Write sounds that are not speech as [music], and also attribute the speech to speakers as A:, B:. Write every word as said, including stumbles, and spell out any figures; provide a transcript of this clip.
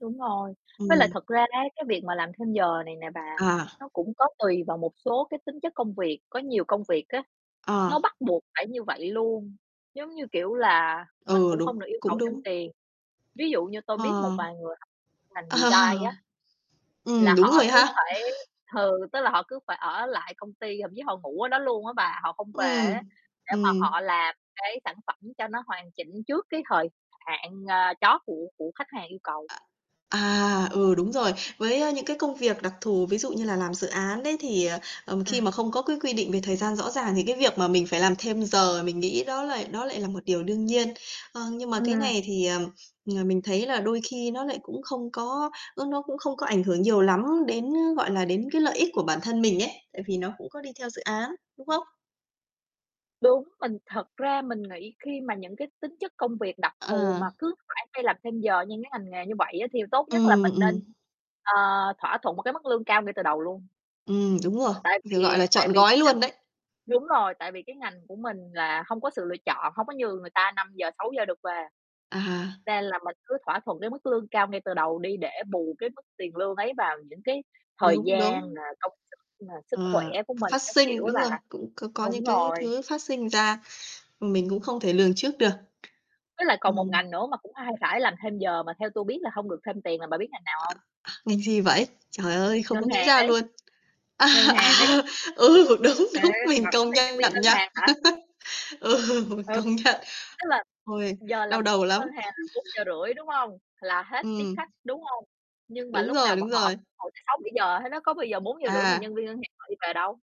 A: Đúng rồi, với lại
B: Ừm.
A: thật ra á cái việc mà làm thêm giờ này nè bà
B: À.
A: nó cũng có tùy vào một số cái tính chất công việc, có nhiều công việc á,
B: Ờ.
A: nó bắt buộc phải như vậy luôn, giống như, kiểu, là mình
B: Ừ,
A: cũng
B: đúng,
A: không được yêu cầu
B: cũng
A: thêm
B: đúng.
A: tiền. Ví dụ như tôi biết một
B: Ờ.
A: vài người học ngành
B: Ờ.
A: design á, là
B: Ừm, đúng
A: họ
B: rồi
A: cứ
B: ha.
A: phải ừ, tức là họ cứ phải ở lại công ty, thậm chí họ ngủ ở đó luôn á bà, họ không về á,
B: Ừm,
A: để mà
B: ừm.
A: họ làm cái sản phẩm cho nó hoàn chỉnh trước cái thời hạn, ờ, chót của của khách hàng yêu cầu.
B: Ạ, à, ừ, đúng rồi. Với những cái công việc đặc thù, ví dụ như là làm dự án đấy thì, ờ,
A: Ừm.
B: khi mà không có cái quy định về thời gian rõ ràng thì cái việc mà mình phải làm thêm giờ mình nghĩ đó lại đó lại là một điều đương nhiên. Ờ, nhưng mà cái
A: Ừm.
B: này thì, ờm, [sniffs] mình thấy là đôi khi nó lại cũng không có nó nó cũng không có ảnh hưởng nhiều lắm đến gọi là, đến cái lợi ích của bản thân mình ấy, tại vì nó cũng có đi theo dự án, đúng không?
A: Đúng, mình thật ra mình nghĩ khi mà những cái tính chất công việc đặc thù
B: Ờ.
A: mà cứ phải đi làm thêm giờ như cái ngành nghề như vậy á thì tốt nhất là
B: Ừm,
A: mình
B: ừm.
A: nên, ờ, thỏa thuận một cái mức lương cao ngay từ đầu luôn.
B: Ừm, đúng rồi,
A: Tại
B: gọi
A: vì
B: là,
A: tại
B: trọn
A: vì
B: gói
A: cái ngành
B: luôn đấy.
A: Đúng rồi, tại vì cái ngành của mình là hông có sự lựa chọn, hông có như người ta năm giờ sáu giờ được về.
B: À.
A: Nên là mình cứ thỏa thuận cái mức lương cao ngay từ đầu đi để bù cái mức tiền lương ấy vào những cái thời
B: Đúng,
A: gian nà,
B: đúng.
A: công sức nà, sức khỏe
B: Ờ,
A: của mình
B: phát
A: các kiểu
B: sinh,
A: ấy
B: đúng
A: bà.
B: rồi, cũng c có những
A: Đúng
B: cái
A: rồi.
B: thứ phát sinh ra, mình cũng không thể lường trước được.
A: Với lại còn một
B: Ừm.
A: ngành nữa mà cũng hay phải làm thêm giờ mà theo tôi biết là hông được thêm tiền là bà biết ngành nào hông?
B: À, ngành gì vậy? Trời ơi, không có
A: Ngân
B: nghĩ
A: hàng
B: ra
A: đấy.
B: luôn. À,
A: Ngân hàng ấy.
B: à, ừ, đúng,
A: À,
B: đúng!
A: thì bà
B: Mình
A: không
B: công
A: thấy nhân viên
B: nhận
A: ngân
B: nha.
A: hàng hả?
B: [laughs] Ừ, mình
A: Ừ.
B: công nhận.
A: Tức là
B: Ôi,
A: giờ làm
B: đau
A: việc
B: đầu
A: của
B: lắm.
A: ngân hàng là bốn giờ
B: [laughs]
A: rưỡi, đúng hông? Là hết tiếp
B: Ừm.
A: khách, đúng hông? Nhưng mà
B: Đúng
A: lúc
B: rồi,
A: nào
B: đúng
A: bọn họ
B: rồi.
A: ngồi tới sáu bảy giờ hết á, có bao giờ bốn giờ rưỡi mà
B: À!
A: nhân viên ngân hàng họ đi về đâu?